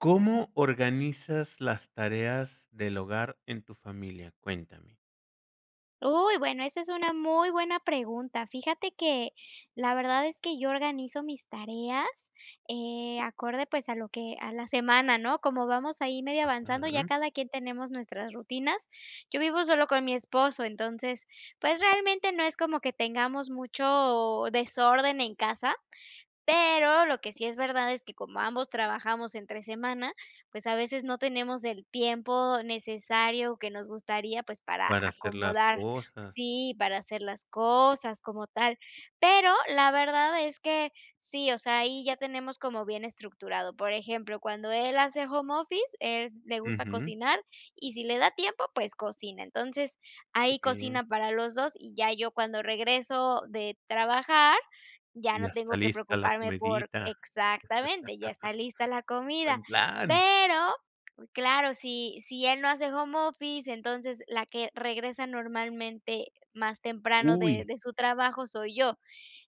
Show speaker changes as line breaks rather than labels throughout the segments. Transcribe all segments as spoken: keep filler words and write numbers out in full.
¿Cómo organizas las tareas del hogar en tu familia? Cuéntame.
Uy, bueno, esa es una muy buena pregunta. Fíjate que la verdad es que yo organizo mis tareas, eh, acorde, pues, a lo que, a la semana, ¿no?, como vamos ahí medio avanzando, ya
Ajá.
cada quien tenemos nuestras rutinas. Yo vivo solo con mi esposo, entonces, pues, realmente no es como que tengamos mucho desorden en casa, pero lo que sí es verdad es que como ambos trabajamos entre semana, pues, a veces no tenemos el tiempo necesario que nos gustaría, pues, para
Para hacer las
acomodar
cosas.
Sí, para hacer las cosas como tal, pero la verdad es que sí, o sea, ahí ya tenemos como bien estructurado. Por ejemplo, cuando él hace home office, es le gusta
Ujú.
cocinar y, si le da tiempo, pues, cocina. Entonces
Qué
ahí
bien.
cocina para los dos y ya yo cuando regreso de trabajar ya
Y ya
no
está
tengo que
lista la
preocuparme por
comidita.
exactamente, ya está lista la comida.
Buen plan.
Pero claro, si si él no hace home office, entonces la que regresa normalmente más temprano de
Uy.
de su trabajo soy yo.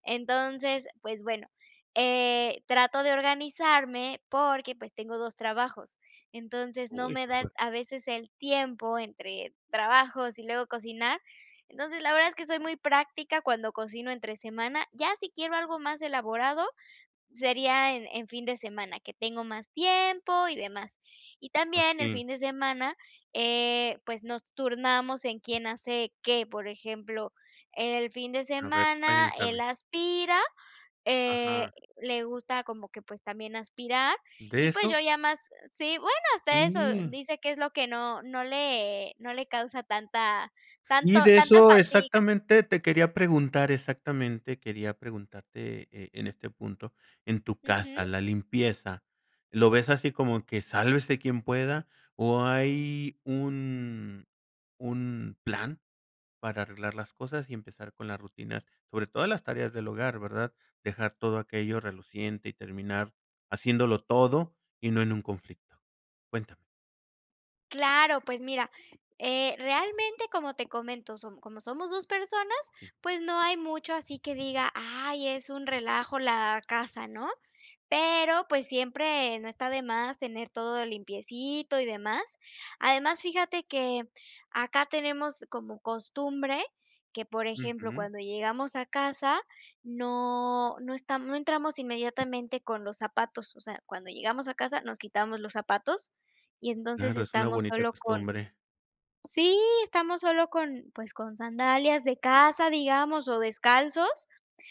Entonces, pues, bueno, eh, trato de organizarme porque, pues, tengo dos trabajos, entonces no
Uy,
me
qué
da
fuerte.
a veces el tiempo entre trabajos y luego cocinar. Entonces, la verdad es que soy muy práctica cuando cocino entre semana, ya si quiero algo más elaborado, sería en en fin de semana, que tengo más tiempo y demás. Y
A
también el
ti.
fin de semana, eh, pues, nos turnamos en quién hace qué. Por ejemplo, en el fin de
A ver,
semana él
cuéntame.
aspira, eh,
Ajá.
le gusta como que, pues, también aspirar
¿De
y pues,
eso?
yo ya más Sí, bueno, hasta eso
Sí.
dice que es lo que no, no le no le causa tanta
Sí,
tanto
de
tanta
eso
fatiga.
exactamente, te quería preguntar exactamente quería preguntarte, eh, en este punto, en tu
Ujú.
casa, la limpieza. ¿Lo ves así como que sálvese quien pueda? o ¿hay un un plan para arreglar las cosas y empezar con las rutinas? Sobre todas las tareas del hogar, verdad, dejar todo aquello reluciente y terminar haciéndolo todo, y no en un conflicto. Cuéntame.
Claro. Pues mira, eh, realmente, como te comento, som como somos dos personas,
Sí.
pues no hay mucho, así que diga: "Ay, es un relajo la casa", ¿no? Pero, pues siempre, no está de más, tener todo limpiecito y demás. Además, fíjate que, acá tenemos como costumbre, que por ejemplo,
Ujú.
cuando llegamos a casa no no estam No entramos inmediatamente con los zapatos. O sea, cuando llegamos a casa, nos quitamos los zapatos, y entonces
Claro, es una
estamos
bonita
solo con
costumbre.
Sí, estamos sólo con pues con sandalias de casa, digamos, o descalzos.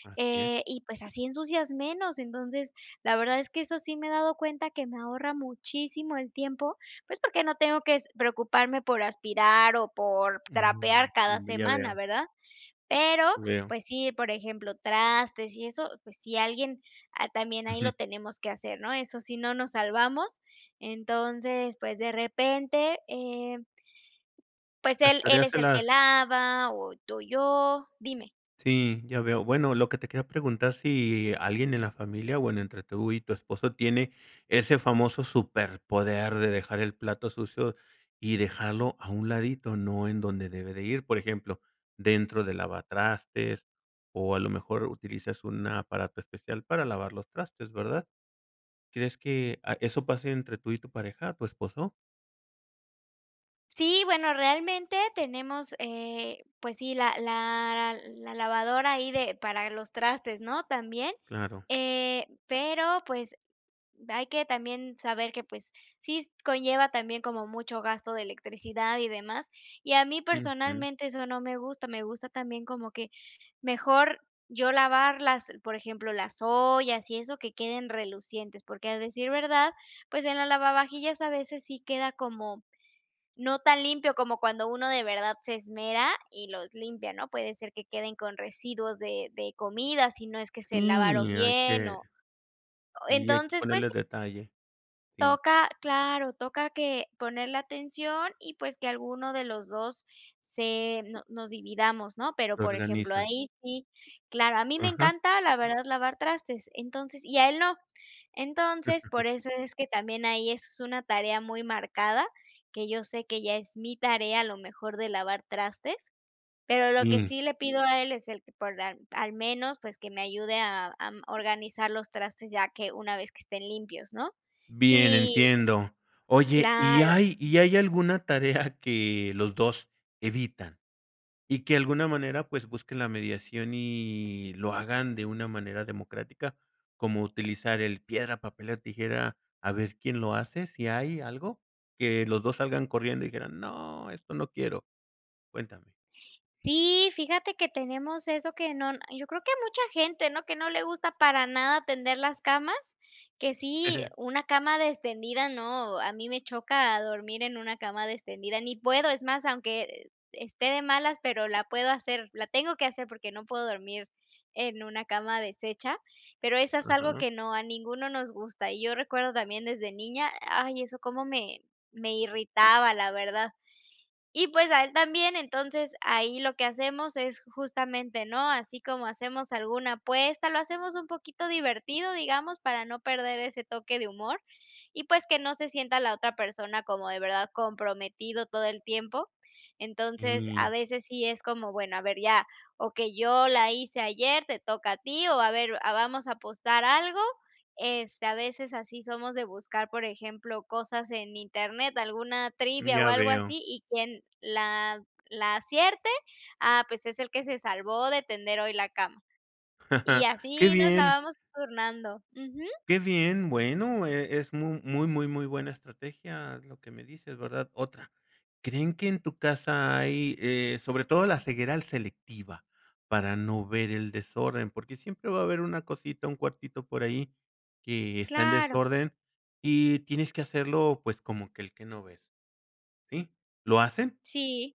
Así es.
Eh, y pues así ensucias menos. Entonces, la verdad es que eso sí me he dado cuenta, que me ahorra muchísimo el tiempo. Pues porque no tengo que s preocuparme por aspirar o por
Mm.
trapear cada
Ya
semana
veo.
¿verdad? Pero,
Veo.
pues sí, por ejemplo, trastes y eso, pues si alguien ha también ahí lo
Ujú.
tenemos que hacer ¿no? Eso sí, no nos salvamos. Entonces, pues de repente, eh Pues
Las
él él
tareas
es
se
el que
las
lava, o to yo. Dime.
Sí, ya veo. Bueno, lo que te quería preguntar si, alguien en la familia, bueno, entre tú y tu esposo, tiene ese famoso superpoder de dejar el plato sucio, y dejarlo a un ladito, ¿no?, en donde debe de ir. Por ejemplo, dentro del lavatrastes. O a lo mejor utilizas un aparato especial para lavar los trastes, ¿verdad? ¿Crees que, ah, eso pase entre tú y tu pareja tu esposo?
Sí, bueno, realmente tenemos, eh, pues sí, la la la lavadora ahí de para los trastes, ¿no?, también,
Claro.
eh pero, pues, hay que también saber que, pues sí, conlleva también como mucho gasto de electricidad y demás. Y a mí
Ujú.
personalmente eso no me gusta, me gusta también como que mejor yo lavarlas, por ejemplo, las ollas y eso, que queden relucientes. Porque, a decir verdad, pues, en la lavavajillas a veces sí queda como no tan limpio como cuando uno de verdad se esmera, y los limpia, ¿no? Puede ser que queden con residuos de de comida, si no es que se lavaron
Sí, hay
bien
que
o
Sí, hay que
Entonces, pues
ponerle
sí.
detalle. Sí.
Toca claro, toca que ponerle atención, y, pues, que alguno de los dos se no nos dividamos, ¿no? Pero,
Lo
por ejemplo,
organizan.
ahí sí, claro, a mí me
Ajá.
encanta, la verdad, lavar trastes, entonces y a él no. Entonces, por eso es que también ahí eso es una tarea muy marcada, que yo sé que ya es mi tarea, a lo mejor, de lavar trastes. Pero lo que
Sí.
sí le pido a él es el que por al al menos, pues, que me ayude a am, organizar los trastes, ya que una vez que estén limpios, ¿no?
Bien,
Sí.
entiendo. Oye, ¿y
Claro.
hay y hay alguna tarea que los dos evitan, y que de alguna manera, pues busquen la mediación y lo hagan de una manera democrática?, como utilizar el piedra, papel o tijera a ver quién lo hace, ¿si hay algo? Que los dos salgan corriendo y dijeran: "No, esto no quiero". Cuéntame.
Sí, fíjate que tenemos eso que no yo creo que mucha gente, ¿no?, que no le gusta para nada tender las camas. Que sí, una cama destendida, no, a mí me choca dormir en una cama destendida. Ni puedo, es más, aunque e esté de malas, pero la puedo hacer, la tengo que hacer porque no puedo dormir en una cama deshecha. Pero eso es algo
Ajá.
que no, a ninguno nos gusta. Y yo recuerdo también desde niña. Ay, eso cómo me me irritaba, la verdad. Y, pues, a él también. Entonces, ahí lo que hacemos es justamente, ¿no?, así como hacemos alguna apuesta, lo hacemos un poquito divertido, digamos, para no perder ese toque de humor. Y, pues, que no se sienta la otra persona como de verdad comprometido todo el tiempo. Entonces, a
Sí.
veces sí es como: "Bueno, a ver ya, okey, yo la hice ayer, te toca a ti o a ver a vamos a apostar algo". Este, a veces así, somos de buscar, por ejemplo, cosas en internet, alguna
Mm,
trivia o
ya
algo
veo.
así. Y quien la la acierte, ah, pues, es el que se salvó de tender hoy la cama. Y
Qué
así nos la
bien.
vamos turnando. Ujú.
Qué bien. Bueno, e es mu muy, muy, muy buena estrategia, lo que me dices, ¿verdad? Otra ¿Creen que en tu casa hay, eh, sobre todo la ceguera al selectiva, para no ver el desorden? Porque siempre va a haber una cosita, un cuartito por ahí, que está en
Claro.
desorden, y tienes que hacerlo, pues como que el que no ves. Sí. ¿Lo hacen?
Sí.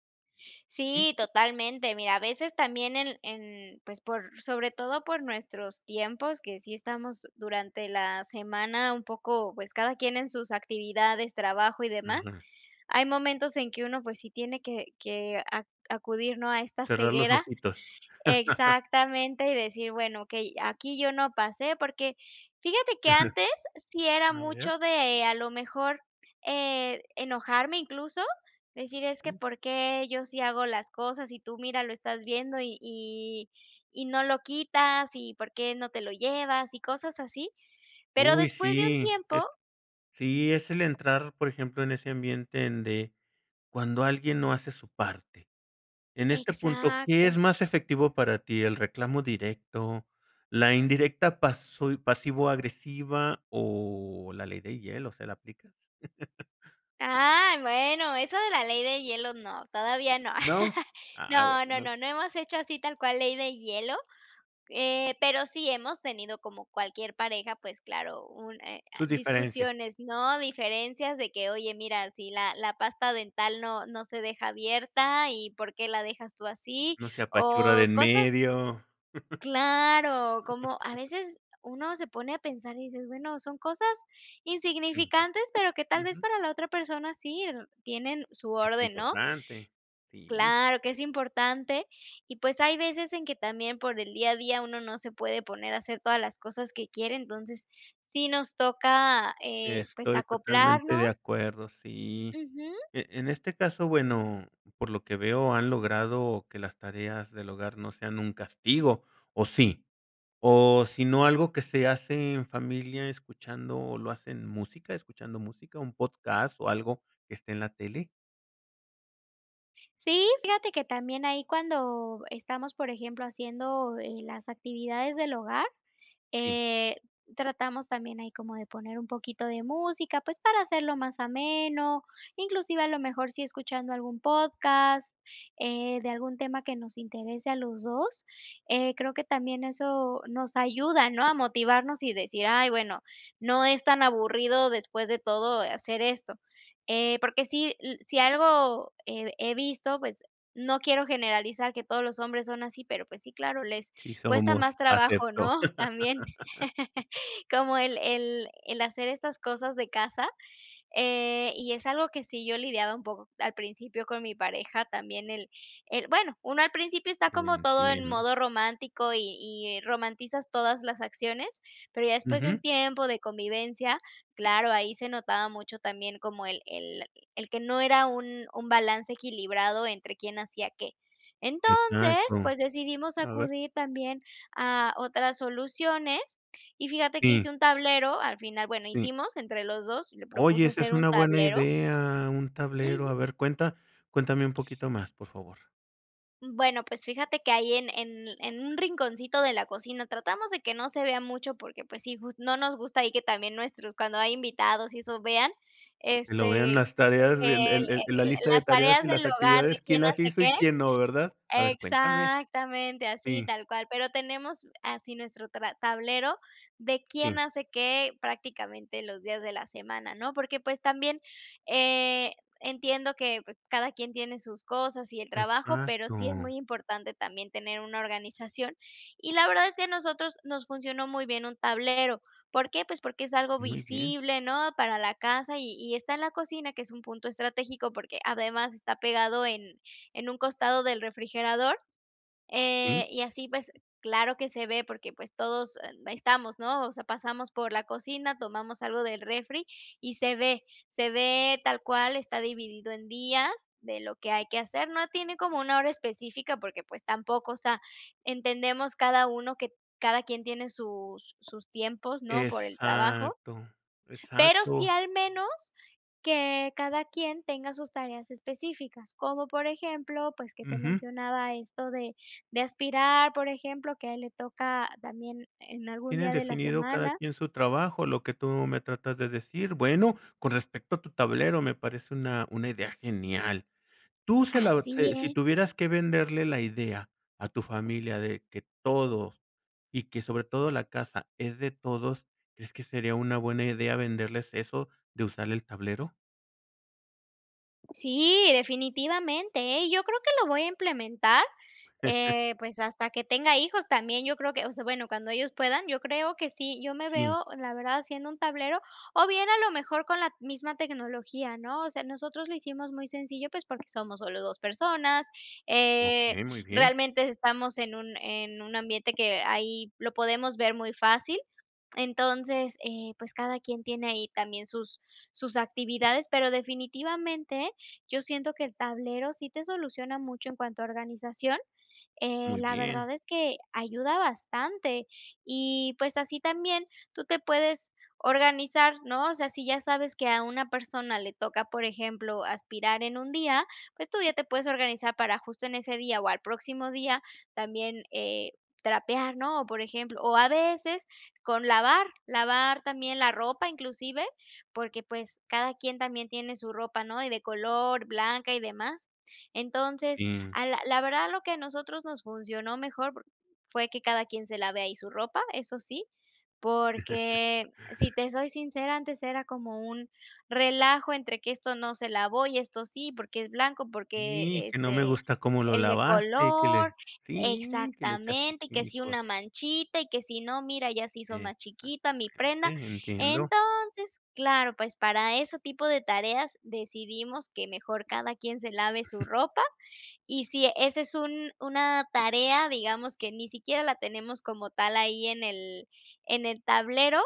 Sí.
Sí, totalmente. Mira, a veces también en en pues por sobre todo por nuestros tiempos que sí estamos durante la semana un poco pues cada quien en sus actividades, trabajo y demás.
Ajá.
Hay momentos en que uno pues sí tiene que que a acudir, no a esta
Cerrar los
ceguera
ojitos.
exactamente y decir: "Bueno, okey, aquí yo no pasé". Porque fíjate que antes sí era
A ver.
mucho de a lo mejor, eh, enojarme incluso, decir: "Es que
Sí.
¿por qué yo sí hago las cosas?, y tú mira, lo estás viendo y y y no lo quitas. ¿Y por qué no te lo llevas?". Y cosas así. Pero
Uy,
después de un
sí,
tiempo
es Sí, es el entrar, por ejemplo, en ese ambiente donde cuando alguien no hace su parte. En este punto, ¿qué es
Exacto.
más efectivo para ti? ¿El reclamo directo, la indirecta paso pasivo-agresiva, o la ley de hielo? ¿Se la aplicas?
Ah, bueno, eso de la ley de hielo, no. Todavía no.
¿No? Ah,
No, no,
bueno.
no, no hemos hecho así tal cual ley de hielo, eh, pero sí hemos tenido como cualquier pareja, pues claro, un eh,
Sus diferencias.
discusiones, ¿no? Diferencias de que: "Oye, mira, si la la pasta dental no no se deja abierta y ¿por qué la dejas tú así?".
No se apachurra de
O
en
cosas
medio.
Claro, como, a veces uno se pone a pensar y dices: "Bueno, son cosas
Intento.
insignificantes.", pero que tal vez
Ujú.
para la otra persona sí, n tienen su
Es
orden, ¿no?
importante. Sí.
Claro que es importante, y pues hay veces, en que también por el día a día, uno no se puede poner a hacer todas las cosas que quiere. Entonces sí nos toca, eh, pues
Estoy totalmente de
acoplarnos
acuerdo, sí.
Ujú.
E en este caso, bueno, por lo que veo, han logrado que las tareas del hogar no sean un castigo, ¿o sí? O si no, algo que se hace en familia escuchando ¿lo hacen música, escuchando música, un podcast o algo que esté en la tele?
Sí, fíjate que también ahí cuando estamos, por ejemplo, haciendo eh, las actividades del hogar,
Sí.
eh, tratamos también ahí como de poner un poquito de música, pues para hacerlo más ameno, inclusive a lo mejor si escuchando algún podcast, eh, de algún tema que nos interese a los dos. Eh, creo que también eso nos ayuda ¿no?, a motivarnos y decir: "Ay, bueno, no es tan aburrido después de todo eh, hacer esto". Eh, porque si l si algo he he visto pues no quiero generalizar que todos los hombres son así, pero pues sí, claro, les
Sí
cuesta más
somos.
trabajo, ¿no?,
Acepto.
también, como el el el hacer estas cosas de casa. Eh, y es algo que sí yo lidiaba un poco al principio con mi pareja también, él él bueno uno al principio está
Te
como todo en
entiendo.
modo romántico y y romantizas todas las acciones, pero ya después de un
Ujú.
tiempo de convivencia, claro, ahí se notaba mucho también, como el el el que no era un un balance equilibrado entre quién hacía qué. Entonces,
Exacto.
pues decidimos
A ver.
acudir también a otras soluciones, y fíjate que
Sí.
hice un tablero al final, bueno,
Sí.
hicimos entre los dos y le
Oye,
propuse
esa
hacer
es
un
una buena
tablero
idea, un tablero. A
Ujú.
ver, cuenta cuéntame un poquito más, por favor.
Mm, bueno, pues fíjate que ahí en en en un rinconcito de la cocina tratamos de que no se vea mucho porque, pues, sí jus no nos gusta ahí que también nuestros cuando hay invitados y eso vean,
Que lo vea en
este,
las tareas
que el
el el el la
el el
lista de
las
tareas
tareas
y las
del hogar, de
actividades,
quién
quién las
hace
hizo
qué.
y quién no, ¿verdad? A ver, cuéntame.
Exactamente, así
Sí.
tal cual. Pero tenemos así nuestro tra tablero de
Sí.
quién hace qué, prácticamente los días de la semana, ¿no?, porque, pues, también, eh, entiendo que, pues, cada quien tiene sus cosas y el trabajo, pero
Exacto.
sí es muy importante también tener una organización, y la verdad es que a nosotros nos funcionó muy bien un tablero, ¿por qué?, pues porque es algo
Muy bien.
visible, ¿no?, para la casa y y está en la cocina, que es un punto estratégico, porque además está pegado en en un costado del refrigerador, eh,
Sí.
y así, pues, claro que se ve porque, pues, todos, em, estamos, ¿no? O sea, pasamos por la cocina, tomamos algo del refri, y se ve se ve tal cual, está dividido en días de lo que hay que hacer. No tiene como una hora específica porque, pues, tampoco. O sea, entendemos cada uno que cada quien tiene sus sus tiempos, ¿no?, por el trabajo
Exacto.
pero sí
Exacto.
al menos que cada quien tenga sus tareas específicas. Como por ejemplo, pues que te
Ujú.
mencionaba esto de de aspirar, por ejemplo, que a él le toca también en algún
Tienen
día de la
definido cada
semana.
quien su trabajo, lo que tú me tratas de decir. Bueno, con respecto a tu tablero me parece una una idea genial. Tú se la o
Así
si si
es.
tuvieras que venderle la idea a tu familia de que todos, y que sobre todo la casa es de todos, ¿crees que sería una buena idea venderles eso de usar el tablero?
Sí, definitivamente, ¿eh? Y yo creo que lo voy a implementar, eh, pues, hasta que tenga hijos también. Yo creo que, o sea, bueno, cuando ellos puedan, yo creo que sí. Yo me
Sí.
veo, la verdad, haciendo un tablero o bien, a lo mejor, con la misma tecnología, ¿no? O sea, nosotros lo hicimos muy sencillo, pues porque somos solo dos personas, eh,
Okey, muy bien.
realmente estamos en un en un ambiente que ahí lo podemos ver muy fácil, entonces, eh, pues, cada quien tiene ahí también sus sus actividades, pero definitivamente yo siento que el tablero sí te soluciona mucho en cuanto a organización, eh,
Muy
la
bien.
verdad es que ayuda bastante y, pues, así también tú te puedes organizar, ¿no? O sea, si ya sabes que a una persona le toca, por ejemplo, aspirar en un día, pues tú ya te puedes organizar para justo en ese día o al próximo día también, eh, trapear, ¿no? O, por ejemplo o a veces con lavar, lavar también la ropa inclusive. Porque, pues, cada quien también tiene su ropa, ¿no?, y de color, blanca y demás. Entonces,
Sí.
ah, la la verdad, lo que a nosotros nos funcionó mejor por fue que cada quien se lave ahí su ropa, eso sí. Porque, si te soy sincera, antes era como un relajo entre que esto no se lavó y esto sí, porque es blanco, porque,
Sí, que no me
este,
gusta cómo lo
el de
lavaste y que
color
le Sí, que le echaste
exactamente, que si
químicos.
una manchita y que si no, mira, ya se hizo más
Eso,
chiquita mi
exactamente.
prenda.
Entiendo.
Entonces, claro, pues para ese tipo de tareas decidimos que mejor cada quien se lave su ropa y, sí, ese es un una tarea, digamos, que ni siquiera la tenemos como tal ahí en el en el tablero,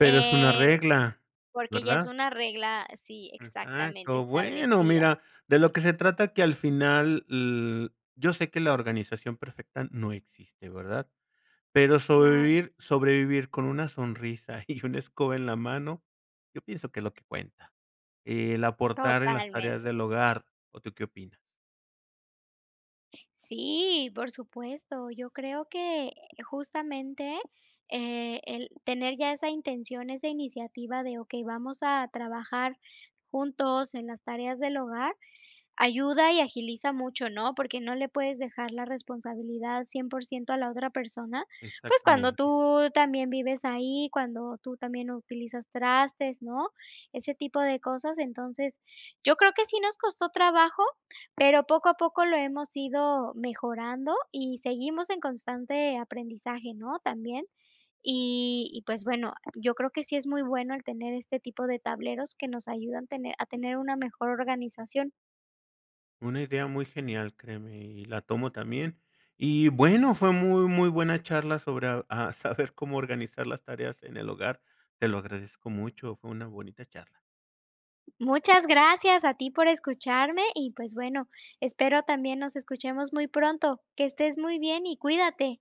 Pero es una
eh,
regla,
porque ya es
¿verdad?
una regla sí, exactamente,
Exacto. Bueno,
establecida.
mira, de lo que se trata que al final, l yo sé que la organización perfecta no existe, ¿verdad? Pero
Claro.
sobrevivir sobrevivir con una sonrisa y una escoba en la mano, yo pienso que es lo que cuenta. El aportar en las tareas
Totalmente.
del hogar, ¿o tú qué opinas?
Sí, por supuesto. Yo creo que, eh, justamente, eh, el tener ya esa intención, esa iniciativa de: "Okey, vamos a trabajar juntos en las tareas del hogar.", ayuda y agiliza mucho, ¿no?, porque no le puedes dejar la responsabilidad cien pro ciento a la otra persona, pues, cuando
Exactamente.
tú también vives ahí, cuando tú también utilizas trastes, ¿no?, ese tipo de cosas. Entonces yo creo, que sí nos costó trabajo, pero poco a poco lo hemos ido mejorando y seguimos en constante aprendizaje, ¿no?, también. Y y pues bueno, yo creo que sí es muy bueno el tener este tipo de tableros que nos ayudan tener a tener una mejor organización.
Una idea muy genial, créeme. Y y la tomo también. Y bueno, fue muy, muy buena charla sobre a saber cómo organizar las tareas en el hogar. Te lo agradezco mucho. Fue una bonita charla.
Muchas gracias a ti por escucharme. Y pues bueno, espero también nos escuchemos muy pronto. Que estés muy bien, y cuídate.